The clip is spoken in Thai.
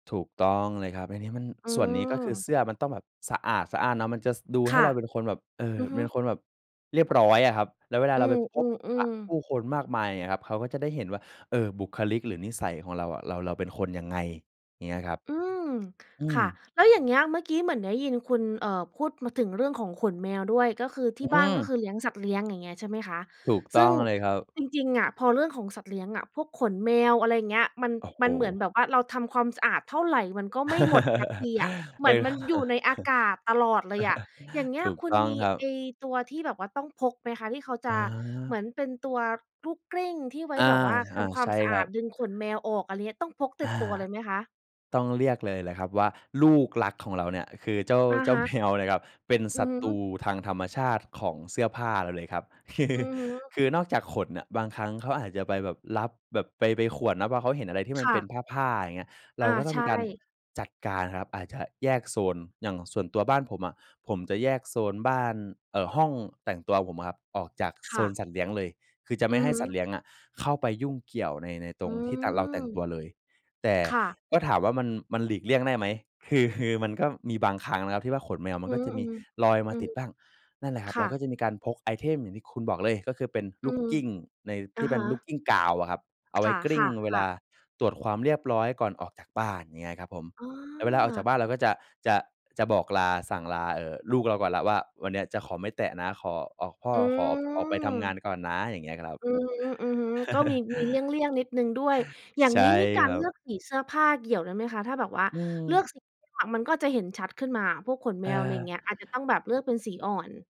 ถูกต้องเลยครับ อันนี้มัน อืส่วนนี้ ก็คม ือเสื้อมันต้องแบบสะอาดสะอ้านเนาะ มันจะ ส ดูคให้่เะ ราเป็นคนแบบ เอ่อ อือฮเึ ป็นคนแบบเรียบร้อยอะครับ แล้วเวลาอืเราไปพบปะม ผๆ ๆ ู้คนมากมาย อย่างเงี้ยครับ เขาก็จะได้เห็นว่า เอ่อ บุคลิก หรือนิสัยของเราอะ เรา เราเป็นคนยังไง อย่างเงี้ยครับ อืม อืคม ่ะ แล้วอย่างเงี้ย เมื่อกี้เหมือนได้ยินคุณ เอ่อ พูดมาถึงเรื่องของขนแมวด้วย ก็คือทอี่ืบ้านก็คม ือเลี้ยงสัตว์เลี้ยง อย่างเงี้ย ใช่ไหมคะ ถูกซต้ึ่อง งเลยครับ จริง ๆ อะ พอเรื่องของสัตว์เลี้ยงอะ พวกขนแมว อะไรอย่างเงี้ย มัน โอ้โมฮ ันเหมือนแบบว่าเราทำความสะอาดเท่าไร มันก็ไม่หมดสักทีอะ เเหมอือ อนมันอยู่ในอากาศตลอดเลยอะ อย่างเงี้ถย ูกคุตณ้องมีครัไอบ ้ตัวที่แบบว่าต้องพกไหมคะ ที่เขาจะเหมือา อนเป็นตัวลูกกลิ้ง ที่ไว้อา แบบว่าอท่า ำควาใชม่สะคอรัาดบ ดึงขนแมวออก อะไรอย่างเงี้ย ต้องพกติอด่า ตัวเลยไหมคะ? ต้องเลือกเลยล่ะครับว่า ลูกรักของเราเนี่ย คือเจ้า อะเจ้ฮาแมะ วนะครับ เป็นอศืัอตฮรึ ูทางธรรมชาติของเสื้อผ้าเราเลยครับ คือ อือฮึ คือนอกจากขนน่ะ บางครั้งเขาอาจจะไปแบบลับแบบไป ไปข่วนน่ะ เพราะว่าเขาเห็นอะไรที่มคัน่เป็ะ นผ้า ๆ อย่างเงี้ย เรอาา ก็ต้อใชงมีการ่ จัดการครับ อาจจะแยกโซน อย่างส่วนตัวบ้านผมอะ ผมจะแยกโซนบ้าน เอ่อ ห้องแต่งตัวผมอะครับ ออกจากคโซ่นะ สัตว์เลี้ยงเลย คือจะอไืม่ใอห้ฮสัตวึ ์เลี้ยงอะเข้าไปยุ่งเกี่ยวใน ในตอืรงที่แต่งเรา แต่งตัม วเลย แต่ค่ะ ก็ถามว่า มัน มันหลีกเลี่ยง ได้ไหม คือ คือมันก็มีบางครั้งนะครับที่ว่า ขนแมวมอัืนก็ม จะมีลอยๆ มอืาตม ิดบ้าง นั่นแหละครคับ เ่รากะ ็จะมีการพกไอเทมอย่างที่คุณบอกเลย ก็คือเป็นอลืูกม กลิ้งในอทีะ่เปฮ็นลูกะ กลิ้งกาวอะครับ เอาคไว้กลิ้่งะ เวลาๆ ๆ ตรวจความเรียบร้อยก่อนออกจากบ้าน อย่างเงี้ยครับผม อ๋แล้วเวลาออกจาอ กบ้านเราก็จะ จะ จะบอกลา สั่งลา เอ่อ ลูกเราก่อนแล้วว่า "วันนี้จะขอไม่แตะนะ ขอออก พ่ออืขอออกไปทำงาม นก่อนนะ" อย่างเงี้ยครับ อือฮึ ๆ ก็มี มีเลี่ยง ๆ นิดหนึ่งด้วย อย่าใงช่นี้นี่กาครรัเลือบ กสีเสื้อผ้าเกี่ยวได้ไหมคะ? ถ้าแบบว่าอืเลืม อกสี มันก็จะเห็นชัดขึ้นมาพวกขนแมว อะไรอย่างเเออ งี้ย อาจจะต้องแบบเลือกเป็นสีอ่อน